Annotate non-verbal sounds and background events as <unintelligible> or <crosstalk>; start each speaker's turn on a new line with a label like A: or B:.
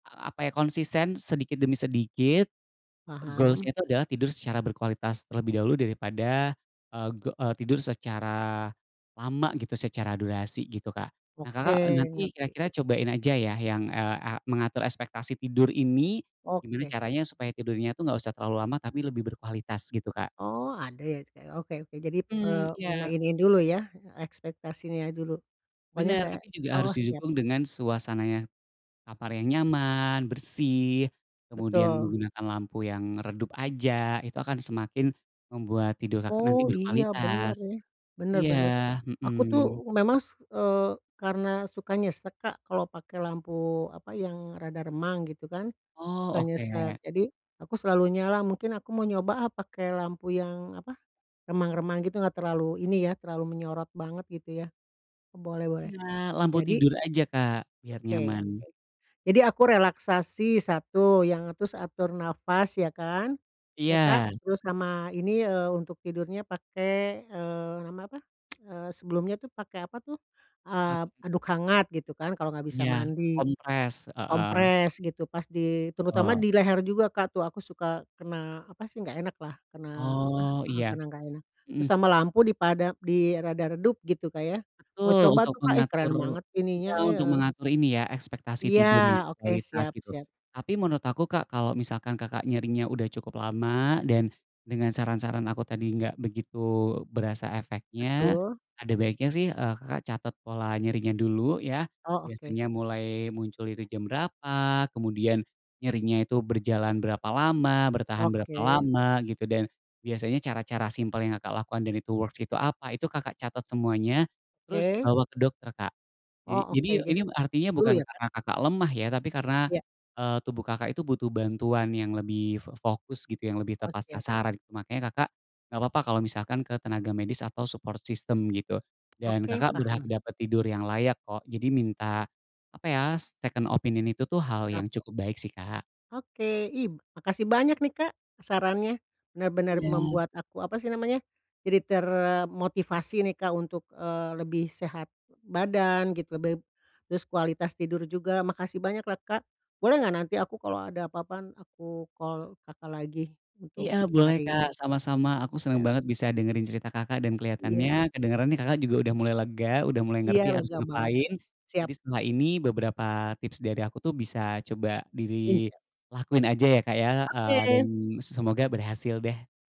A: A apa ya konsisten, sedikit demi sedikit goals-nya
B: Paham.
A: itu adalah tidur secara berkualitas terlebih dahulu daripada, eee, tidur secara lama gitu secara durasi gitu, Kak. Nah, Kakak
B: Oke,
A: nanti
B: ngerti.
A: kira-kira cobain aja ya yang, eee, a mengatur ekspektasi tidur ini, gimana
B: Oke.
A: caranya supaya tidurnya tuh gak usah terlalu lama tapi lebih berkualitas gitu, Kak.
B: Oh, ada ya? <unintelligible> oke oke, jadi,
A: Mmm,
B: eee,
A: iya.
B: menginiin dulu ya, ekspektasinya dulu, pokoknya
A: Bener,
B: saya
A: tapi juga
B: oh
A: harus
B: siap.
A: didukung dengan suasana yang, kamar yang nyaman, bersih, kemudian
B: Betul.
A: menggunakan lampu yang redup aja, itu akan semakin membuat tidur, Kakak, nanti
B: Oh, iya
A: berkualitas
B: bener nih. Bener
A: iya,
B: bener. Aku tuh
A: mhm.
B: memang s eee, karena suka nyesek, Kak, kalau pakai lampu, apa, yang rada remang gitu kan, suka
A: Oh,
B: nyesek.
A: oke.
B: Jadi aku selalu nyala, mungkin aku mau nyoba ah, apa pakai lampu yang, apa, remang-remang gitu enggak terlalu ini ya, terlalu menyorot banget gitu ya. Boleh boleh.
A: Iya, lampu
B: Jadi
A: tidur aja, Kak, biar
B: Oke
A: nyaman.
B: oke. Jadi aku relaksasi, satu yang terus atur napas ya kan, ya, Kak.
A: Iya.
B: Terus sama ini, eee, untuk tidurnya pakai, eee, namanya apa <tsk> eee, sebelumnya tuh pakai apa tuh, eee,
A: <unintelligible>
B: handuk hangat gitu kan kalau nggak bisa
A: Iya,
B: mandi.
A: kompres, heeh.
B: Kompres gitu pas di, terutama
A: Oh.
B: di leher juga, Kak, tuh, aku suka kena, apa sih, nggak enaklah kena apa
A: Oh,
B: heeh,
A: iya,
B: kena nggak enak. Terus
A: mhm.
B: sama lampu dipada di rada redup gitu, Kak, ya. Mau
A: Betul,
B: coba
A: untuk
B: tuh, Kak, eh keren
A: mengatur
B: banget ininya,
A: iya,
B: eh,
A: untuk
B: eee
A: mengatur ini ya ekspektasi
B: Iya
A: tidur yang
B: oke,
A: berkualitas
B: siap
A: gitu.
B: siap.
A: Tapi menurut aku, Kak, kalo misalkan, Kakak, nyerinya udah cukup lama dan dengan saran-saran aku tadi nggak begitu berasa efeknya,
B: Betul.
A: ada baiknya sih, eee, Kakak, catat pola nyerinya dulu ya.
B: Oh, oke.
A: Biasanya mulai muncul itu jam berapa, kemudian nyerinya itu berjalan berapa lama, bertahan berapa
B: Oke.
A: lama gitu, dan biasanya cara-cara simpel yang, Kakak, lakukan dan itu works itu apa, itu, Kakak, catat semuanya, terus
B: Oke.
A: bawa ke dokter, Kak.
B: Oh,
A: Jadi jadi
B: oke.
A: ini
B: Jadi <unintelligible>
A: artinya
B: dulu
A: bukan
B: ya, Kak?
A: karena, Kakak, lemah ya, tapi karena,
B: Iya.
A: eee, tubuh, Kakak, itu butuh bantuan yang lebih f fokus gitu yang lebih
B: Oh,
A: tepat
B: siap.
A: sasaran makanya, Kakak, gak apa-apa kalo misalkan ke tenaga medis atau support system, gitu. Dan,
B: Oke,
A: Kakak, berhak
B: paham.
A: dapet tidur yang layak kok. Jadi minta, apa ya, second opinion itu tuh, hal
B: Ap
A: yang cukup baik sih, Kak.
B: Oke, ih, makasih banyak nih, Kak, sarannya benar-benar
A: Iya.
B: membuat aku, apa sih namanya, jadi termotivasi nih, Kak, untuk, eee, lebih sehat badan gitu. Lebih, terus kualitas tidur juga. Makasih banyaklah, Kak! Boleh nggak nanti aku kalo ada apa-apa aku call, Kakak, lagi untuk
A: Iya boleh, Kak,
B: cari
A: sama-sama! Aku seneng
B: <unintelligible>
A: banget bisa dengerin cerita, Kakak, dan
B: Iya.
A: keliatannya kedengeran, Kakak, juga udah mulai lega, udah mulai
B: Iya,
A: ngerti harus
B: lega banget
A: ngapain.
B: siap.
A: Jadi setelah ini beberapa tips dari aku tuh bisa coba di
B: Insya
A: lakuin aja ya, Kak, ya, eee, dan
B: Oke!
A: s semoga berhasil deh.